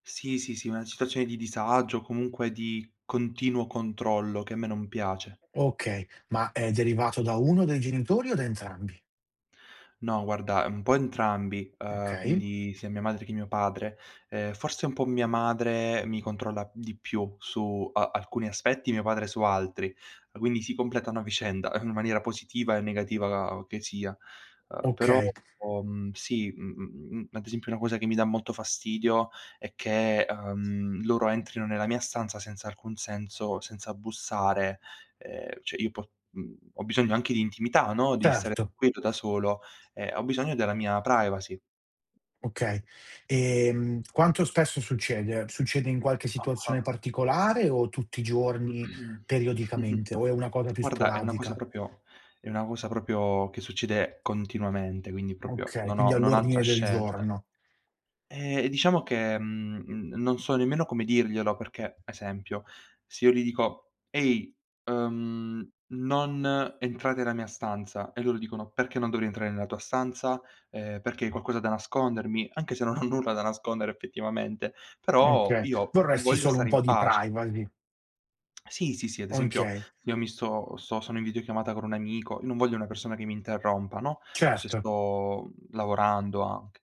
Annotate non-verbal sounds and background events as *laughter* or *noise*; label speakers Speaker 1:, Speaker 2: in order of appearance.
Speaker 1: Sì, sì, sì, una situazione di disagio o comunque di continuo controllo, che a me non piace.
Speaker 2: Okay, ma è derivato da 1 dei genitori o da entrambi?
Speaker 1: No guarda un po' entrambi, uhm,
Speaker 2: Okay.
Speaker 1: quindi sia mia madre che mio padre. Ehm, forse un po' mia madre mi controlla di più su a alcuni aspetti, mio padre su altri, quindi si completano a vicenda in maniera positiva e negativa che sia. Uhm, però
Speaker 2: Okay.
Speaker 1: ho mhmm, sì, mhmm, ad esempio una cosa che mi dà molto fastidio è che, uhm, loro entrino nella mia stanza senza alcun senso, senza bussare, ehm, cioè io po uhm, ho bisogno anche di intimità, no, di stare
Speaker 2: Certo.
Speaker 1: tranquillo da solo, ehm, ho bisogno della mia privacy.
Speaker 2: Okay. Ehm, quanto spesso succede? Succede in qualche
Speaker 1: Ah-ah.
Speaker 2: situazione particolare o tutti i giorni,
Speaker 1: *clears throat* *chuckles*
Speaker 2: periodicamente, o è una cosa più
Speaker 1: Guarda è una cosa
Speaker 2: sporadica?
Speaker 1: proprio è una cosa proprio che succede continuamente, quindi proprio
Speaker 2: Okay,
Speaker 1: non
Speaker 2: quindi
Speaker 1: ho non ho altra
Speaker 2: all'ordine del
Speaker 1: scelta.
Speaker 2: giorno.
Speaker 1: Eh, diciamo che, mhmm, non so nemmeno come dirglielo perché, esempio, se io gli dico: "Ehi! Uhm, non entrate nella mia stanza". E loro dicono: "Perché non dovrei entrare nella tua stanza? Ehm, perché hai qualcosa da nascondermi?" Anche se non ho nulla da nascondere effettivamente, però
Speaker 2: Okay,
Speaker 1: io
Speaker 2: vorresti
Speaker 1: voglio
Speaker 2: solo un
Speaker 1: stare in
Speaker 2: po' di
Speaker 1: pace.
Speaker 2: privacy.
Speaker 1: Sì, sì, sì, ad esempio
Speaker 2: Okay.
Speaker 1: io mi sto sto sono in videochiamata con un amico, io non voglio una persona che mi interrompa, no, o se
Speaker 2: Certo.
Speaker 1: sto, uhm, lavorando anche.